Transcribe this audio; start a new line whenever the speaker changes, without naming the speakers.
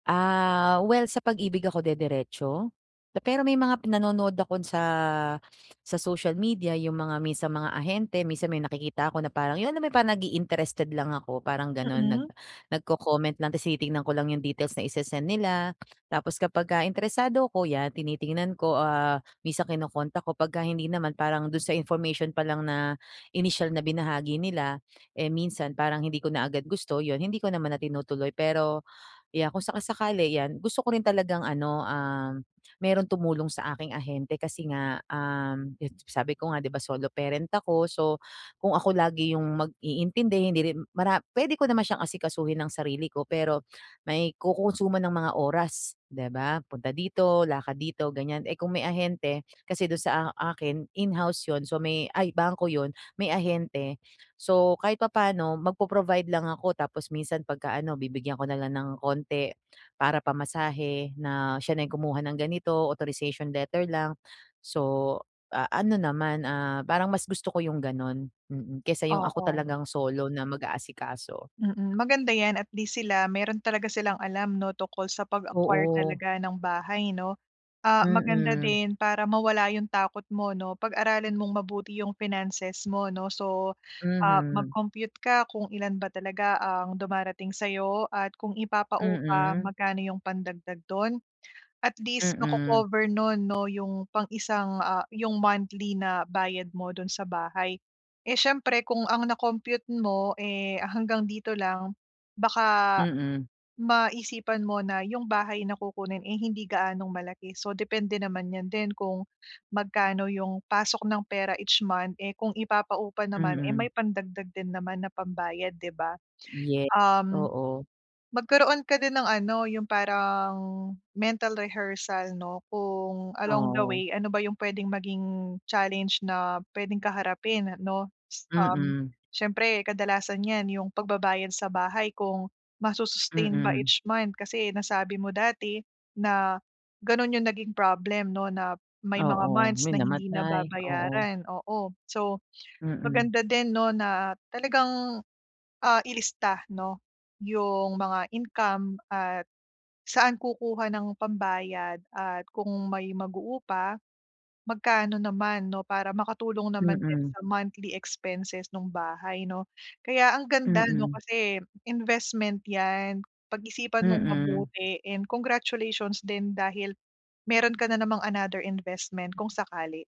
Ah, well, sa Pag-Ibig ako dederetso. Pero may mga pinanonood ako sa sa social media, yung mga minsan mga ahente, minsan may nakikita ako na parang, yung alam mo parang nag-i-interested lang ako, parang gano'n, nag
Mm.
nagko-comment lang ta's tinitingnan ko lang yung details na isesend nila. Tapos kapagka interesado ako, 'yan tinitingnan ko, ah, minsan kino-contact ko. Pagka hindi naman, parang do'n sa information pa lang na inisyal na binahagi nila, eh, minsan parang hindi ko na agad gusto 'yon, hindi ko naman na tinutuloy. Pero, yeah, kung saka-sakali, 'yan, gusto ko rin talagang ano, um, mayro'ng tumulong sa aking ahente. Kasi nga, um, 'yon, sa sabi ko nga, 'di ba solo parent ako. So, kung ako lagi yung mag-iintindi, hindi rin mara puwede ko naman siyang asikasuhin nang sarili ko. Pero may kokonsumo ng mga oras, 'di ba? Punta dito, lakad dito, ganiyan. Eh, kung may ahente, kasi do'n sa a akin, in-house 'yon, so may ay, bangko 'yon, may ahente. So, kahit papaano magpo-provide lang ako tapos minsan 'pagka ano, bibigyan ko na lang ng konti para pamasahe, na siya na yung kumuha ng ganito, authorization letter lang. So, ah, ano naman, ah, parang mas gusto ko yung gano'n, mm, kaysa yung ako
Oo.
talagang solo na mag-aasikaso.
Mm, maganda 'yan, at least sila, mayro'n talaga silang alam 'no, tungkol sa pag-acquire
Oo.
talaga ng bahay 'no. Ah, maganda
Mm.
din para mawala yung takot mo 'no. Pag-aralan mong mabuti yung finances mo, 'no. So, ah,
Mhm.
mag-compute ka kung ilan ba talaga ang dumarating sa'yo, at kung ipapaupa,
Mm.
magkano yung pandagdag do'n? At least,
Mm.
mako-cover no'n 'no, yung pang isang, ah, yung monthly na bayad mo do'n sa bahay. Eh, siyempre kung ang na-compute mo, eh, hanggang dito lang, baka
Mm.
maisipan mo na yung bahay na kukunin ay hindi gaanong malaki. So, depende naman 'yan din, kung magkano yung pasok ng pera each month. Eh, kung ipapaupa naman, eh,
Mm.
may pandagdag din naman na pambayad, 'di ba?
Ye
Um,
oo.
magkaroon ka din ng ano, yung parang mental rehearsal 'no, kung along the
Oo.
way ano ba yung puwedeng maging challenge na puwedeng kaharapin 'no. Um,
Mm.
siyempre kadalasan niyan, yung pagbabayad sa bahay, kung masu-sustain ba
Mm.
each month? Kasi nasabi mo dati na gano'n yung naging problem 'no, na may mga
Oo.
months
May
na hindi
namatay, oo.
nababayaran, oo. So,
Mm.
maganda din 'no, na talagang, ah, ilista 'no, yung mga income at saan kukuha ng pambayad at kung may mag-uupa, magkano naman 'no, para makatulong naman din
Mm.
sa monthly expenses nung bahay 'no? Kaya ang ganda 'no,
Mm.
kasi investment 'yan. Pag-isipan mong
Mm.
mabuti and congratulations din dahil meron ka na namang another investment kung sakali.